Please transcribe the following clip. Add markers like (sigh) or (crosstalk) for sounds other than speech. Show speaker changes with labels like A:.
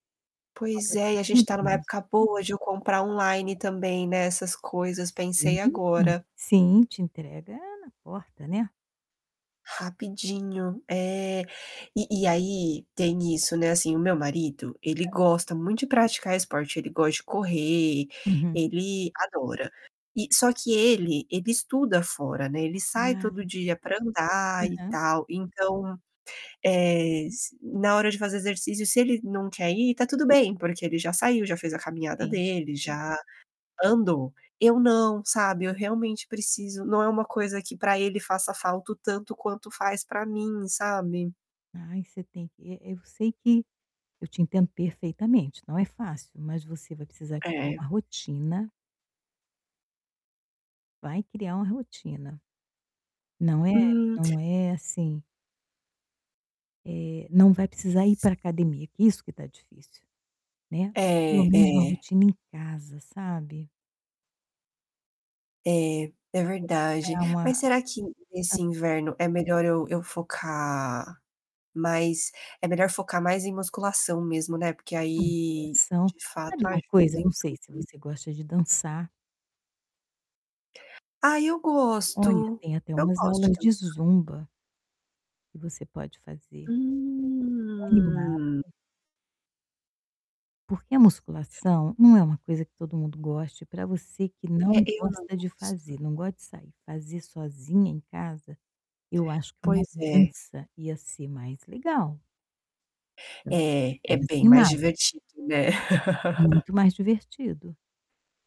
A: O foco
B: Pois
A: é
B: é, e a gente
A: distante
B: tá numa
A: mesmo.
B: época boa de eu comprar online também, né, essas coisas,
A: Ah, sim,
B: pensei
A: e
B: agora.
A: sim te entrega na porta, né?
B: Rapidinho. É! E e aí tem isso, né, assim, o meu marido, ele
A: Hã.
B: gosta muito de praticar esporte, ele gosta de correr,
A: Uhum.
B: ele adora. E só que ele ele estuda fora, né, ele sai
A: Ah! Tá.
B: todo dia pra andar e
A: Aham.
B: tal, então, eh, isso na hora de fazer exercício, se ele não quer ir tá tudo bem porque ele já saiu, já fez a caminhada
A: Sim,
B: dele,
A: sim.
B: já andou, eu não, sabe? Eu realmente preciso, não é uma coisa que pra ele faça falta o tanto quanto faz pra mim, sabe?
A: Ai, você tem que eh, eu sei que eu te entendo perfeitamente, não é fácil, mas você vai precisar criar
B: É.
A: uma rotina. Vai criar uma rotina. Não é?
B: Hum.
A: Não é assim eh, não vai precisar ir pra academia, que isso que tá difícil, né? Pelo
B: É,
A: menos uma
B: é.
A: rotina em casa, sabe?
B: É. É,
A: Co quer
B: verdade,
A: ao ma
B: mas será que nesse
A: acho
B: inverno é melhor eu eu focar mais é melhor focar mais em musculação mesmo, né. Porque aí,
A: Musculação,
B: de fato
A: sabe uma coisa,
B: ajuda
A: eu
B: em
A: não sei
B: tudo,
A: se
B: né.
A: você gosta de dançar.
B: Ai eu
A: Olha,
B: gosto,
A: tem até
B: eu
A: umas
B: gosto de
A: aulas de
B: dançar.
A: zumba. Que você pode fazer. É tão animado.
B: Hum.
A: Porque a musculação não é uma coisa que todo mundo goste, pra você que
B: É,
A: não
B: eu não
A: gosta de
B: gosto.
A: fazer, não gosta de sair, fazer sozinha em casa, eu acho que uma
B: Pois é.
A: dança ia ser mais legal. Acho
B: É.
A: a
B: É
A: mes
B: bem mais
A: nimada.
B: divertido, né? (chuckles)
A: Muito mais divertido.